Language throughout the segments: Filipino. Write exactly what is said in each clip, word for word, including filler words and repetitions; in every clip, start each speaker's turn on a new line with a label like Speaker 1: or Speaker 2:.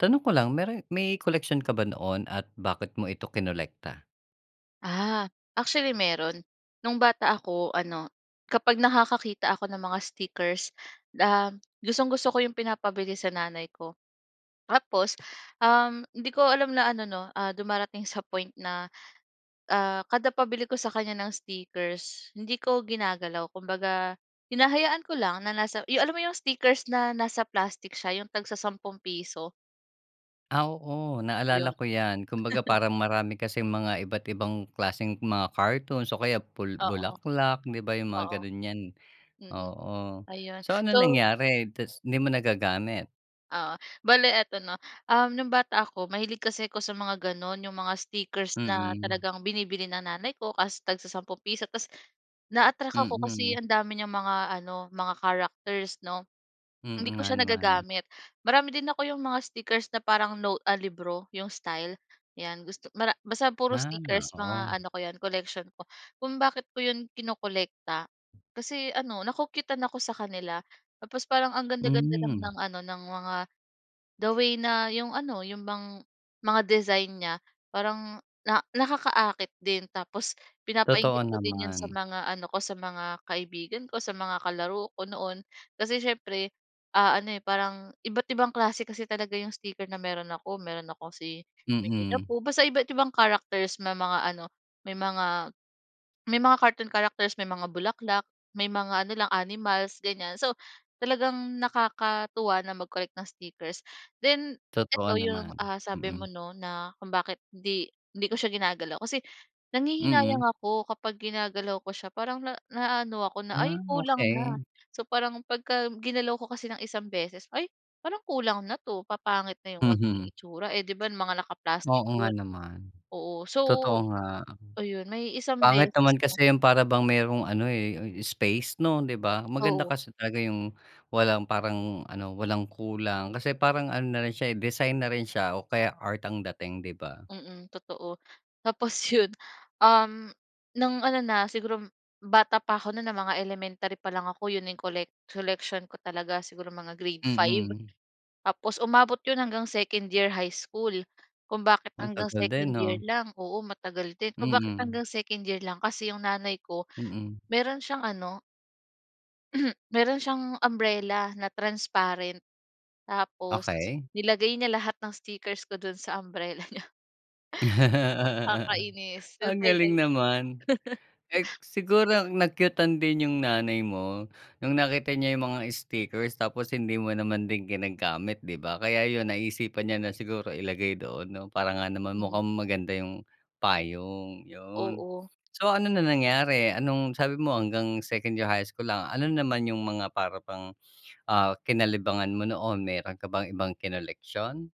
Speaker 1: Tanong ko lang, mero may koleksyon ka ba noon at bakit mo ito kinolekta?
Speaker 2: Ah, actually meron. No'ng bata ako ano, kapag nakakakita ako ng mga stickers, uhm, gustong-gusto ko 'yong pinapabili sa nanay ko. Tapos, uhm, hindi ko alam na ano 'no, ah, dumarating sa point na, ah, kada pabili ko sa kanya ng stickers hindi ko ginagalaw. Kumbaga hinahayaan ko lang na nasa 'yong alam mo 'yong stickers na nasa plastic siya 'yong tagsasampung piso?
Speaker 1: Ah, oo naalala
Speaker 2: 'Yon.
Speaker 1: ko yan. Kumbaga parang marami kasing mga iba't ibang klaseng mga cartoons o kaya bu
Speaker 2: Oo,
Speaker 1: bulaklak, 'di ba yung mga
Speaker 2: oo.
Speaker 1: ganun, yan
Speaker 2: Mm.
Speaker 1: oo.
Speaker 2: Ayun
Speaker 1: So, anong
Speaker 2: so
Speaker 1: nangyari, tas hindi mo nagagamit?
Speaker 2: Oo bale eto 'no. Um no'ng bata ako, mahilig kasi ako sa mga ganun yung mga stickers na
Speaker 1: Mm.
Speaker 2: talagang binibili ng nanay ko, kaso tagsasampung piso. Tas na-attract ako kasi
Speaker 1: Mm.
Speaker 2: ang dami niyang mga ano mga characters 'no, hindi
Speaker 1: Mm,
Speaker 2: ko
Speaker 1: nga
Speaker 2: siya
Speaker 1: naman.
Speaker 2: nagagamit. Marami din ako 'yong mga stickers na parang note a libro 'yong style 'yan. Gusto mara basta puro
Speaker 1: Ah,
Speaker 2: stickers
Speaker 1: oo.
Speaker 2: mga ano ko 'yan collection ko. Kung bakit ko 'yon kinokolekta, kasi ano na-cu-cute-tan ako sa kanila. Tapos parang ang ganda-ganda lang
Speaker 1: Hmm.
Speaker 2: ng ano ng mga, the way na 'yong ano 'yong bang mga design niya parang na nakaka-akit din. Tapos
Speaker 1: Totoo
Speaker 2: pinapa-inggit ko din 'yon sa
Speaker 1: naman.
Speaker 2: mga ano ko sa, mga kaibigan ko, sa mga kalaro ko noon. Kasi siyempre, ah, ano, eh, parang iba't ibang klase kasi talaga 'yong sticker na meron ako. Meron ako si "Winnie the
Speaker 1: Mm.
Speaker 2: Pooh," basta iba't ibang characters may mga ano may mga may mga cartoon characters, may mga bulaklak, may mga ano lang animals ganyan. So, talagang nakakatuwa na mag-collect ng stickers. Then
Speaker 1: Totoo
Speaker 2: eto 'yong,
Speaker 1: naman,
Speaker 2: ah, sabi mo
Speaker 1: mm.
Speaker 2: 'no, na kung bakit hindi hindi ko siya ginagalaw. Kasi nanghihinayang
Speaker 1: Mm.
Speaker 2: ako kapag ginagalaw ko siya. Parang na na-aano ako na,
Speaker 1: Ah,
Speaker 2: ay kulang na.
Speaker 1: okey.
Speaker 2: So parang pagka ginalaw ko kasi ng isang beses ay parang kulang na 'to, papangit na 'yong magiging
Speaker 1: Mhm.
Speaker 2: itsura. Eh, 'di ba mga naka-plastic
Speaker 1: Oo nga
Speaker 2: 'yon,
Speaker 1: naman,
Speaker 2: oo. So
Speaker 1: totoo nga.
Speaker 2: ayun may isang
Speaker 1: Pangit
Speaker 2: beses
Speaker 1: naman
Speaker 2: na.
Speaker 1: kasi yung para bang mayro'ng ano, eh, space 'no, 'di ba? Maganda
Speaker 2: Oo.
Speaker 1: kasi talaga yung walang parang ano, walang kulang kasi parang ano na rin siya, eh, design na rin siya o kaya art ang dating, 'di ba?
Speaker 2: Mm, totoo. Tapos 'yon, um, no'ng ano na siguro bata pa ako no'n ng mga elementary pa lang ako 'yon na 'yong collec collection ko talaga, siguro mga grade five
Speaker 1: Mm.
Speaker 2: Tapos umabot 'yon hanggang second year high school. Kung bakit
Speaker 1: Ang
Speaker 2: hanggang
Speaker 1: tagal
Speaker 2: second
Speaker 1: din,
Speaker 2: year
Speaker 1: ah.
Speaker 2: lang, oo matagal din. Kung bakit
Speaker 1: Mm.
Speaker 2: hanggang second year lang, kasi 'yong nanay ko
Speaker 1: Mm.
Speaker 2: mayroon siyang ano Meron siyang umbrella na transparent tapos
Speaker 1: Okey.
Speaker 2: nilagay niya lahat ng stickers ko dun sa umbrella niya. Nakakainis yung
Speaker 1: Ang
Speaker 2: time na
Speaker 1: galing
Speaker 2: 'yon.
Speaker 1: naman, eh, siguro na-cute-an din yung nanay mo nung nakita niya yung mga stickers tapos hindi mo naman din ginagamit, 'di ba? Kaya 'yon naisipan niya na siguro ilagay doon 'no para nga naman
Speaker 2: Hmm.
Speaker 1: mukhang maganda 'yong payong 'yon.
Speaker 2: Oo.
Speaker 1: So, ano na nangyari? Anong sabi mo hanggang second year high school lang, ano naman yung mga para bang, ah, kinalibangan mo noon meron ka bang ibang kinoleksiyon?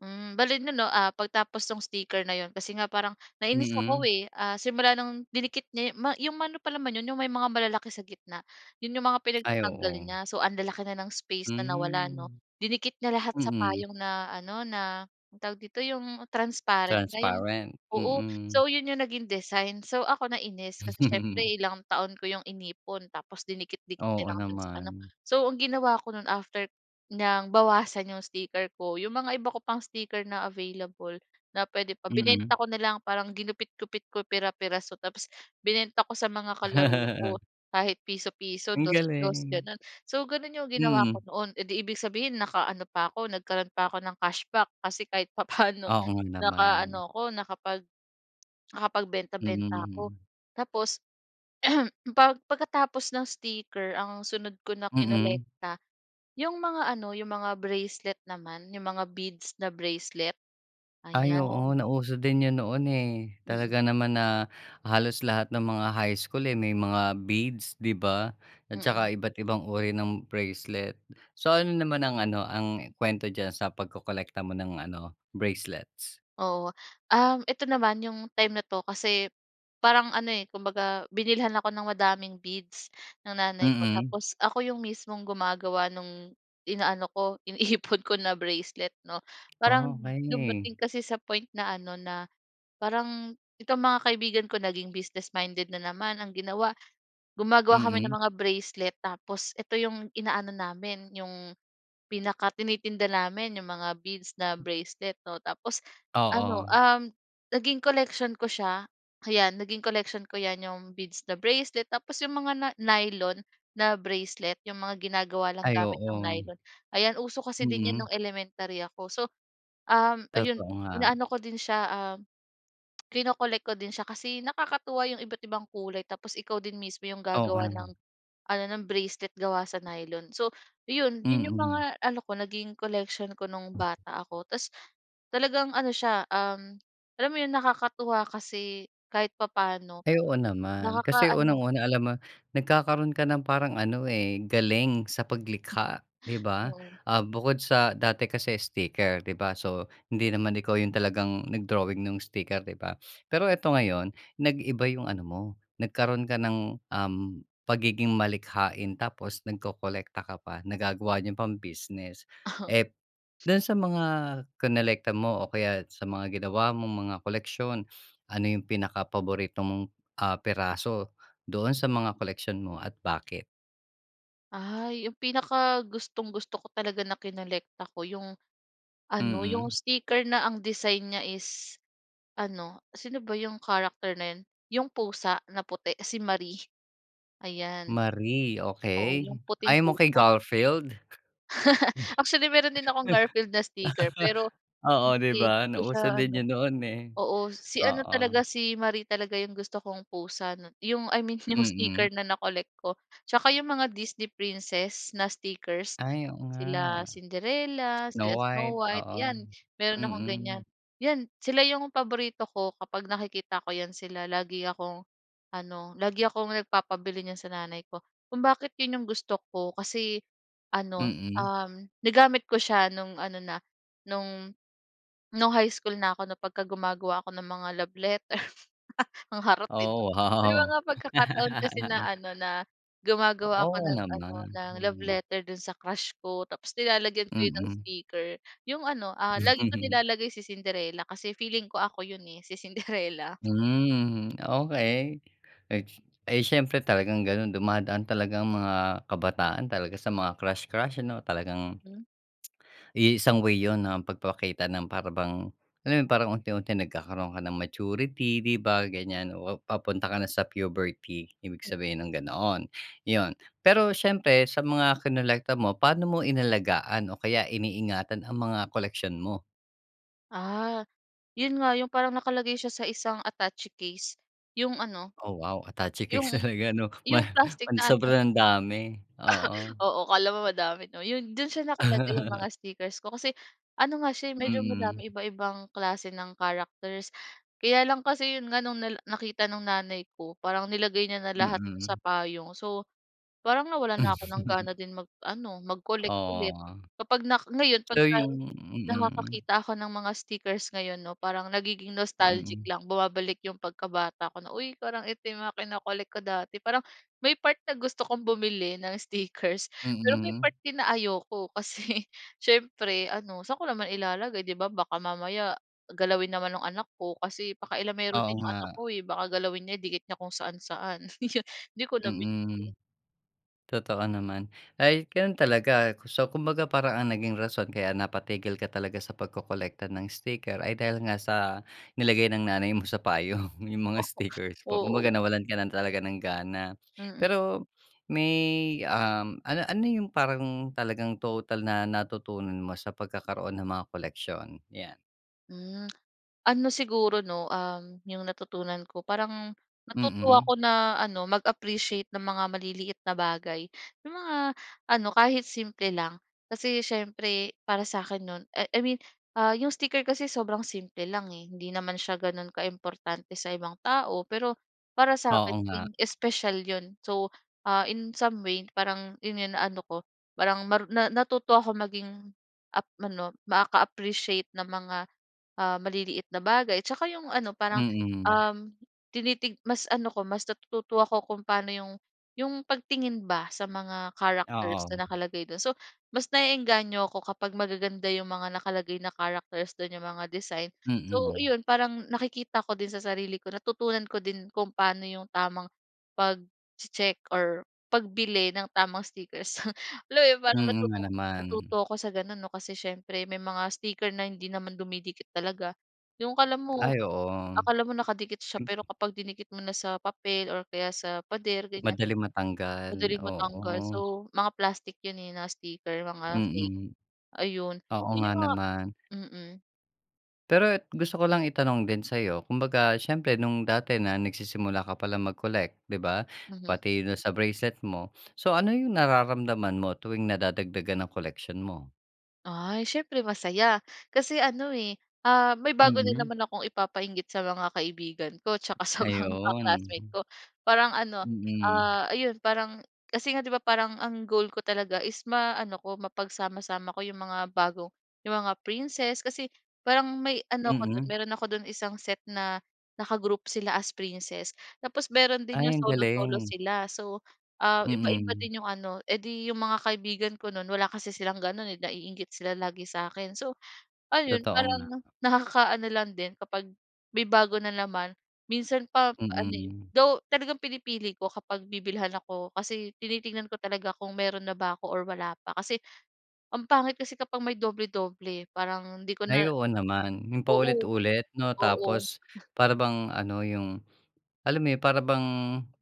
Speaker 2: Hmm, bale 'non 'no, ah, pagtapos nung sticker na 'yon kasi nga parang nainis ako,
Speaker 1: Mm.
Speaker 2: eh, simula ng dinikit niya 'yong ma pa naman 'yon 'yong may mga malalaki sa gitna 'yon 'yong mga
Speaker 1: Ay,
Speaker 2: pinagtatanggal
Speaker 1: oo.
Speaker 2: niya so ang lalaki na ng space na nawala 'no.
Speaker 1: Hmm.
Speaker 2: Dinikit niya lahat sa
Speaker 1: Mm.
Speaker 2: payong na ano, na anong tawag dito 'yong transparent na 'yong
Speaker 1: Transparent,
Speaker 2: oo
Speaker 1: mm.
Speaker 2: so 'yon 'yong naging design. So ako nainis kasi siyempre ilang taon ko 'yong inipon tapos dinikit-dikit niya
Speaker 1: Oo
Speaker 2: lang do'n sa ano.
Speaker 1: naman.
Speaker 2: So ang ginawa ko no'n after niyang bawasan 'yong sticker ko, 'yong mga iba ko pang sticker na available na puwede pa,
Speaker 1: Mm.
Speaker 2: binenta ko na lang parang ginupit-gupit ko pira-pira tapos binenta ko sa mga kalaro ko kahit piso-piso,
Speaker 1: Ang
Speaker 2: dos dos
Speaker 1: galing.
Speaker 2: gano'n. So, gano'n 'yong ginawa ko
Speaker 1: Mm.
Speaker 2: noon, eh, 'di ibig sabihin nakaano pa ako nagkaroon pa ako ng cashback kasi kahit papaano
Speaker 1: Oo nga
Speaker 2: nakaano
Speaker 1: naman.
Speaker 2: ako nakapag nakapagbenta-benta ako.
Speaker 1: Mm.
Speaker 2: Tapos pag pagkatapos ng sticker ang sunod ko na
Speaker 1: Mm.
Speaker 2: kinolekta, 'yong mga ano 'yong mga bracelet naman, 'yong mga beads na bracelet.
Speaker 1: Ay, oo
Speaker 2: Ayan.
Speaker 1: nauso din 'yon noon, eh,
Speaker 2: Mm.
Speaker 1: talaga naman na halos lahat ng mga high school, eh, may mga beads, 'di ba at
Speaker 2: Mm.
Speaker 1: saka iba't ibang uri ng bracelet. So ano naman ang ano ang kuwento diyan sa pagkolekta mo ng ano bracelets?
Speaker 2: Oo, um, ito naman 'yong time na 'to kasi parang ano, eh, kumbaga binilhan ako ng madaming beads ng nanay ko
Speaker 1: Mm.
Speaker 2: tapos ako 'yong mismong gumagawa no'ng inaano ko iniipon ko na bracelet 'no. Parang
Speaker 1: Okey.
Speaker 2: dumating kasi sa point na ano, na parang itong mga kaibigan ko naging business minded na naman ang ginawa. Gumagawa kami ng
Speaker 1: Mm.
Speaker 2: mga bracelet tapos eto 'yong inaano namin 'yong pinakatinitinda namin 'yong mga beads na bracelet 'no tapos ano,
Speaker 1: Oo.
Speaker 2: um, naging collection ko siya, ayan naging collection ko 'yan 'yong beads na bracelet tapos 'yong mga na nylon na bracelet 'yong mga ginagawa ng
Speaker 1: Ay
Speaker 2: gamit ng
Speaker 1: oo.
Speaker 2: nylon. Ayan, uso kasi din 'yan
Speaker 1: Mm.
Speaker 2: nung elementary ako. So, um, ayon
Speaker 1: Totoo nga.
Speaker 2: inaano ko din siya, ah, kino-collect ko din siya kasi nakakatuwa 'yong iba't ibang kulay tapos ikaw din mismo 'yong gagawa ng
Speaker 1: Oo.
Speaker 2: ano ng bracelet gawa sa nylon. So 'yon, iyon yung
Speaker 1: Mm.
Speaker 2: mga ano ko, naging collection ko nung bata ako tapos talagang ano siya, um, alam mo 'yong nakakatuwa kasi kahit papaano
Speaker 1: Ay, oo naman, kasi
Speaker 2: nakakaano
Speaker 1: unang-una, alam mo nagkakaroon ka ng parang ano, eh, galing sa
Speaker 2: Hmm.
Speaker 1: paglikha, 'di ba?
Speaker 2: Oo.
Speaker 1: Ah, bukod sa dati kasi sticker, 'di ba, so hindi naman ikaw yung talagang nag-drawing nung sticker, 'di ba. Pero eto, ngayon nag-iba yung ano mo nagkaroon ka ng, um, pagiging malikhain tapos nagkokolekta ka pa nagagawa niyo pang business.
Speaker 2: Oo.
Speaker 1: Eh, dun sa mga kinolekta mo o kaya sa mga ginawa mong mga koleksiyon, ano yung pinakapaborito mong, ah, piraso doon sa mga koleksyon mo at bakit?
Speaker 2: Ay, 'yong pinakagustong-gusto ko talaga na kinolekta ko yung ano, 'yong
Speaker 1: Mm.
Speaker 2: sticker na ang design niya is ano, sino ba 'yong character na yun? 'Yong pusa na puti, si Marie. Ayan.
Speaker 1: Marie,
Speaker 2: Oo,
Speaker 1: okey.
Speaker 2: 'yong puting
Speaker 1: Ayaw mo kay
Speaker 2: pusa.
Speaker 1: Garfield?
Speaker 2: Actually, meron din akong Garfield na sticker, pero
Speaker 1: Oo, 'di
Speaker 2: hindi 'di
Speaker 1: ba?
Speaker 2: ko siya
Speaker 1: Nauso
Speaker 2: ano.
Speaker 1: din yun noon, eh.
Speaker 2: Oo si ano
Speaker 1: Oo.
Speaker 2: talaga, si Marie talaga 'yong gusto kong pusa 'no. 'Yong I mean 'yong
Speaker 1: Mm.
Speaker 2: sticker na na-collect ko. Tsaka 'yong mga Disney Princess na stickers.
Speaker 1: Ay, oo nga.
Speaker 2: Sila Cinderella,
Speaker 1: Snow
Speaker 2: sila
Speaker 1: White.
Speaker 2: Snow White,
Speaker 1: Oo,
Speaker 2: 'yan meron akong ganyan.
Speaker 1: mm.
Speaker 2: 'Yan, sila 'yong paborito ko kapag nakikita ko 'yan sila lagi akong ano, lagi akong nagpapabili niyan sa nanay ko. Kung bakit 'yon 'yong gusto ko kasi ano,
Speaker 1: Mm.
Speaker 2: um, nagamit ko siya no'ng ano na, no'ng no'ng high school na ako 'no, pagka gumagawa ako ng mga love letter. Ang harot, eh, 'no.
Speaker 1: Oh,
Speaker 2: May
Speaker 1: wow!
Speaker 2: mga pagkakataon kasi na ano, na gumagawa ako
Speaker 1: Oo
Speaker 2: ng ano,
Speaker 1: naman,
Speaker 2: ng love
Speaker 1: hmm.
Speaker 2: letter do'n sa crush ko. Tapos nilalagyan ko yun ng
Speaker 1: Mm.
Speaker 2: sticker. 'Yong ano, ah, lagi kong nilalagay si Cinderella kasi feeling ko ako 'yon, eh, si Cinderella.
Speaker 1: Hmm, okey, eh, ay siyempre talagang gano'n. Dumadaan talaga ang mga kabataan talaga sa mga crush, crush ano, talagang
Speaker 2: Hmm.
Speaker 1: i isang way yun ng pagpapakita ng para bang, ano yun parang unti-unti nagkakaroon ka ng maturity, 'di ba, ganyan. O papunta ka na sa puberty, ibig sabihin ng gano'n, yun. Pero siyempre sa mga kinolekta mo, paano mo inalagaan o kaya iniingatan ang mga koleksyon mo?
Speaker 2: Ah, ‘yon nga, ‘yong parang nakalagay siya sa isang attache case, ‘yong ano,
Speaker 1: Oh, wow, attache case
Speaker 2: ‘yong
Speaker 1: talaga, 'no? Ma
Speaker 2: ‘yong plastic
Speaker 1: pan
Speaker 2: na ano.
Speaker 1: sobrang dami. Oo.
Speaker 2: Oo, akala mo madami, ‘no? ‘Yon, do’n siya nakalagay 'yong mga stickers ko kasi, ano nga, siya, eh, medyo
Speaker 1: Mm.
Speaker 2: madami, iba-ibang klase ng characters. Kaya lang kasi ‘yon nga, no'ng nala nakita no'ng nanay ko, parang nilagay niya na lahat do'n sa
Speaker 1: Mm.
Speaker 2: payong. So parang nawalan na ako ng gana din mag-ano, mag-collect
Speaker 1: Oo,
Speaker 2: ulit. Kapag nak ngayon
Speaker 1: so
Speaker 2: 'pagka
Speaker 1: 'yong mm.
Speaker 2: nakakakita ako ng mga stickers ngayon, ‘no, parang nagiging nostalgic
Speaker 1: Mm.
Speaker 2: lang, bumabalik ‘yong pagkabata ko na, "Uy, parang ito 'yong mga kino-collect ko dati." Parang may part na gusto kong bumili ng stickers, pero may
Speaker 1: Mm.
Speaker 2: part din na ayoko. Kasi siyempre, ano, saan ko naman ilalagay, ‘di ba, baka mamaya galawin naman no'ng anak ko, kasi pakialamero
Speaker 1: Oo
Speaker 2: din ‘yong anak
Speaker 1: nga.
Speaker 2: ko, eh. Baka galawin niya idikit niya kung saan-saan, 'yon ‘di ko na
Speaker 1: Mm.
Speaker 2: binili.
Speaker 1: Totoo naman. Ay, gano’n talaga, so kumbaga parang ang naging rason kaya napatigil ka talaga sa pagkokolekta ng sticker ay dahil nga sa nilagay ng nanay mo sa payong 'yong mga
Speaker 2: Oo,
Speaker 1: stickers mo.
Speaker 2: oo.
Speaker 1: Kumbaga nawalan ka lang talaga ng gana.
Speaker 2: Mm.
Speaker 1: Pero may, um, ano ano ‘yong parang talagang total na natutunan mo sa pagkakaroon ng mga koleksiyon? 'Yan.
Speaker 2: Hmm, Ano siguro 'no, um, yung natutunan ko. Parang, natutuwa
Speaker 1: Mm.
Speaker 2: ako na ano mag-appreciate ng mga maliliit na bagay. Yung mga ano, kahit simple lang. Kasi, siyempre para sa akin no'n I I mean, ah, yung sticker kasi sobrang simple lang eh, hindi naman siya gano'n ka-importante sa ibang tao. Pero, para sa akin
Speaker 1: Oo nga.
Speaker 2: naging special yun. So, ah, in some way parang ina ano ko, parang maru na natuto akong maging ap ano maka-appreciate ng mga, ah, maliit na bagay. Tsaka, yung ano parang,
Speaker 1: Mm.
Speaker 2: um, tinitig mas ano ko, mas natututo ako kung paano yung yung pagtingin ba sa mga characters
Speaker 1: Oo.
Speaker 2: na nakalagay do'n. So, mas na-e-engganyo ako, kapag magaganda yung mga nakalagay na characters do'n, yung mga design. So,
Speaker 1: Mm.
Speaker 2: 'yon parang nakikita ko din sa sarili ko natutunan ko din kung paano yung tamang pagche-check or pagbili ng tamang stickers. Hala, eh, parang
Speaker 1: Mm, nga
Speaker 2: natuto
Speaker 1: naman.
Speaker 2: natuto ako sa gano'n 'no, kasi siyempre may mga sticker na hindi naman dumidikit talaga. Yung 'kala mo,
Speaker 1: Ay oo.
Speaker 2: akala mo nakadikit siya. Pero,
Speaker 1: Mm.
Speaker 2: kapag dinikit mo na sa papel or kaya sa pader, ganyan,
Speaker 1: Madaling matanggal,
Speaker 2: madaling matanggal.
Speaker 1: oo.
Speaker 2: So, mga plastic 'yon, eh, na mga sticker, mga fake.
Speaker 1: Mm,
Speaker 2: Ayon,
Speaker 1: oo
Speaker 2: 'yon
Speaker 1: nga
Speaker 2: yung mga
Speaker 1: naman.
Speaker 2: mm.
Speaker 1: Pero e gusto ko lang itanong din sa'yo, kumbaga siyempre nung dati na nagsisimula ka pa lang mag-collect, 'di ba,
Speaker 2: Mhm.
Speaker 1: pati na sa bracelet mo. So, ano yung nararamdaman mo tuwing nadadagdagan ang koleksyon mo?
Speaker 2: Ay, syempre masaya. Kasi ano, eh, uhm, may bago na
Speaker 1: Mm.
Speaker 2: naman akong ipapa-inggit sa mga kaibigan ko, tsaka sa mga
Speaker 1: Ayun.
Speaker 2: ka-classmate ko. Parang ano,
Speaker 1: Mm.
Speaker 2: ah, ayun, parang kasi nga, 'di ba, parang ang goal ko talaga is ma-ano ko, mapagsama-sama ko 'yong mga bago yung mga princess kasi parang may ano ako dun,
Speaker 1: Mm.
Speaker 2: meron ako dun isang set na naka-group sila as princess. Tapos meron din yung
Speaker 1: Ay, ang
Speaker 2: solo-solo
Speaker 1: galing.
Speaker 2: sila. So, ah, iba-iba
Speaker 1: Mm.
Speaker 2: din yung ano edi yung mga kaibigan ko no'n, wala kasi silang ganun, eh, na-iinggit sila lagi sa'kin. So, ayon
Speaker 1: Totoo nga.
Speaker 2: parang nakaka-ano lang din kapag may bago na naman. Minsan pa ano, eh
Speaker 1: Mm.
Speaker 2: though talagang pinipili ko, kapag bibilhan ako. Kasi tinitingnan ko talaga kung meron na ba ako or wala pa. Kasi ang pangit kasi kapag may doble-doble parang di ko na
Speaker 1: Ay, oo naman. 'Yong
Speaker 2: oo
Speaker 1: paulit-ulit, 'no?
Speaker 2: oo.
Speaker 1: Tapos
Speaker 2: Ah.
Speaker 1: para bang ano 'yong alam mo yun para bang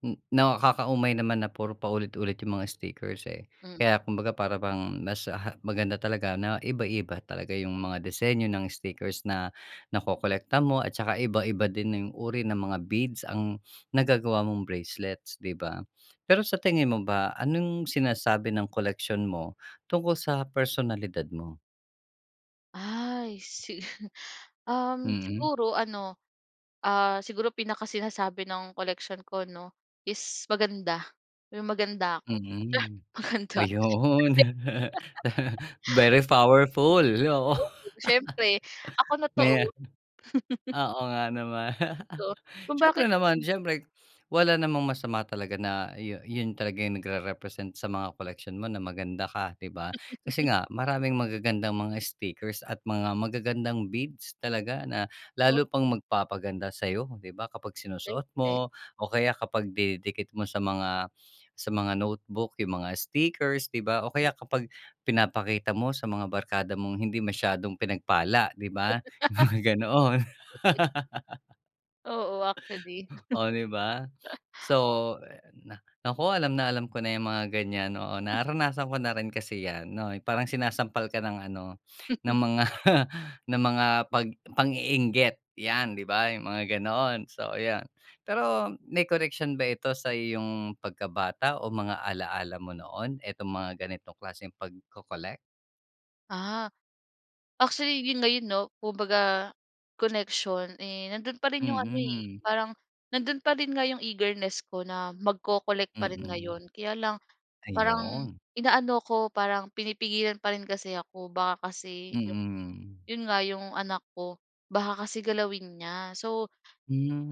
Speaker 1: n nakaka-umay naman na puro paulit-ulit 'yong mga stickers, eh.
Speaker 2: Hmm.
Speaker 1: Kaya kumbaga para bang mas, ha maganda talaga na iba-iba talaga yung mga disenyo ng stickers na nakokolekta mo at tsaka iba-iba din 'yong uri ng mga beads ang nagagawa mong bracelets, 'di ba. Pero sa
Speaker 2: Totoo 'yan.
Speaker 1: tingin mo ba, anong sinasabi ng koleksiyon mo tungkol sa personalidad mo?
Speaker 2: Ay si um,
Speaker 1: Mm.
Speaker 2: siguro ano, ah, siguro pinakasinasabi ng collection ko 'no, is maganda, yung maganda ako char,
Speaker 1: Mm.
Speaker 2: maganda ako. Maganda.
Speaker 1: Ayun,
Speaker 2: Kasi
Speaker 1: very powerful, oo.
Speaker 2: Siyempre ako na 'to
Speaker 1: May
Speaker 2: oh!
Speaker 1: oo nga naman.
Speaker 2: Totoo. Kung bakit
Speaker 1: Siyempre naman. Siyempre wala namang masama talaga na yun yun talaga yung nagre-represent sa mga koleksyon mo na maganda ka, 'di ba? Kasi nga, maraming magagandang mga stickers at mga magagandang beads talaga na
Speaker 2: Oh.
Speaker 1: lalo pang magpapaganda sa'yo, 'di ba, kapag sinusuot
Speaker 2: Siyempre.
Speaker 1: mo o kaya kapag dinidikit mo sa mga sa mga notebook, yung mga stickers, 'di ba? O kaya kapag pinapakita mo sa mga barkada mong hindi masyadong pinagpala, 'di ba? Yung mga ganon.
Speaker 2: Oo, actually.
Speaker 1: Oh, di ba? So na naku, alam na alam ko na yung mga ganyan, oo. Naranasan ko na rin kasi yan 'no, yung parang sinasampal ka ng ano, ng mga ng mga 'pag pang-iinggit yan, 'di ba? Yung mga ganon, so yan. Pero may koneksyon ba ito sa iyong pagkabata o mga alaala mo noon, etong mga ganitong klaseng pagko-collect?
Speaker 2: Ah, actually 'yon ngayon 'no kung baga connection, eh, nando'n pa rin 'yong ano, eh.
Speaker 1: Mm.
Speaker 2: Parang nandoon pa rin nga 'yong eagerness ko na magko-collect pa rin
Speaker 1: Mm.
Speaker 2: ngayon. Kaya lang parang
Speaker 1: Ayun.
Speaker 2: inaano ako parang pinipigilan pa rin kasi ako. Baka kasi 'yong,
Speaker 1: Mm.
Speaker 2: 'yon nga 'yong anak ko baka kasi galawin niya. So,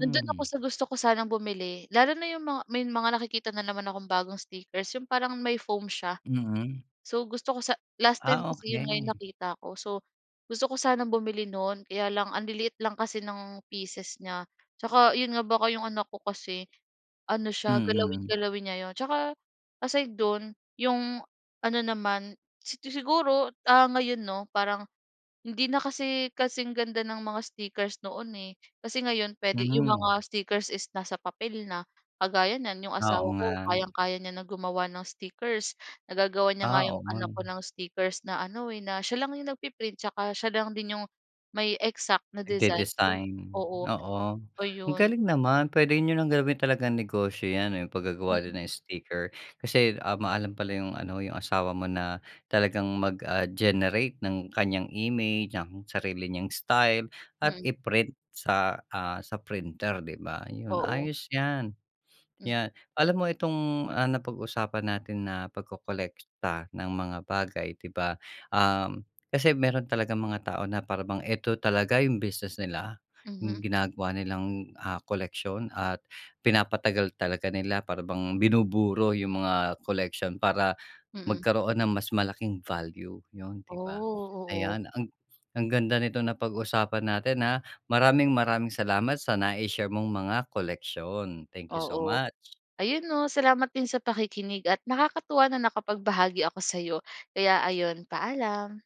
Speaker 2: nando'n ako sa gusto ko sanang bumili lalo na 'yong mga may mga nakikita na naman akong bagong stickers. 'Yong parang may foam siya.
Speaker 1: Mm.
Speaker 2: So gusto ko sa last time
Speaker 1: Ah,
Speaker 2: kasi 'yon nga
Speaker 1: okey.
Speaker 2: nakita ko. So gusto ko sanang bumili no'n kaya lang anliliit lang kasi ng pieces niya. Tsaka 'yon nga baka 'yong anak ko kasi ano siya galawin,
Speaker 1: Mm.
Speaker 2: galawin niya 'yon. Tsaka aside do'n 'yong ano naman sig siguro ah ngayon 'no parang hindi na kasi kasing ganda ng mga stickers noon, eh. Kasi ngayon puwede 'yong mga
Speaker 1: Hmm.
Speaker 2: stickers is nasa papel na. Kagaya niyan 'yong
Speaker 1: Oo,
Speaker 2: asawa ko
Speaker 1: nga.
Speaker 2: kayang kaya niya na gumawa ng stickers. Nagagawa niya
Speaker 1: Ah,
Speaker 2: nga 'yong
Speaker 1: oo nga
Speaker 2: anak ko
Speaker 1: 'no.
Speaker 2: ng stickers na ano, eh, na siya lang 'yong nagpi-print tsaka siya lang din 'yong may exact na design.
Speaker 1: Nagde-design,
Speaker 2: Oo,
Speaker 1: oo.
Speaker 2: oh
Speaker 1: Ang
Speaker 2: 'yon.
Speaker 1: galing naman pwede niyo ng gawin talagang negosyo 'yan. Yung paggagawa din
Speaker 2: Mm.
Speaker 1: ng sticker kasi, ah, maalam pala yung ano yung asawa mo na talagang mag ah, generate ng kanyang image ng sarili niyang style at
Speaker 2: Mm.
Speaker 1: i-print sa, ah, sa printer, 'di ba? Yun
Speaker 2: Oo.
Speaker 1: ayos yan.
Speaker 2: Mm.
Speaker 1: 'Yan. Alam mo itong, ah, napag-usapan natin na pagkolekta ng mga bagay, 'di ba, ah, kasi meron talagang mga tao na para bang eto talaga yung business nila.
Speaker 2: Mhm.
Speaker 1: Yung ginagawa nilang, ah, koleksiyon at pinapatagal talaga nila para bang binuburo yung mga koleksyon. Para
Speaker 2: Mm.
Speaker 1: magkaroon ng mas malaking value yun,
Speaker 2: Ooh,
Speaker 1: 'di ba?
Speaker 2: oo.
Speaker 1: Ayan ang ang ganda nitong napag-usapan natin, ah. Maraming-maraming salamat sa na-i-share mong mga koleksyon, thank you so
Speaker 2: Oo.
Speaker 1: much.
Speaker 2: Ayun, oh, salamat din sa pakikinig at nakakatuwa na nakapagbahagi ako sa'yo. Kaya ayun paalam.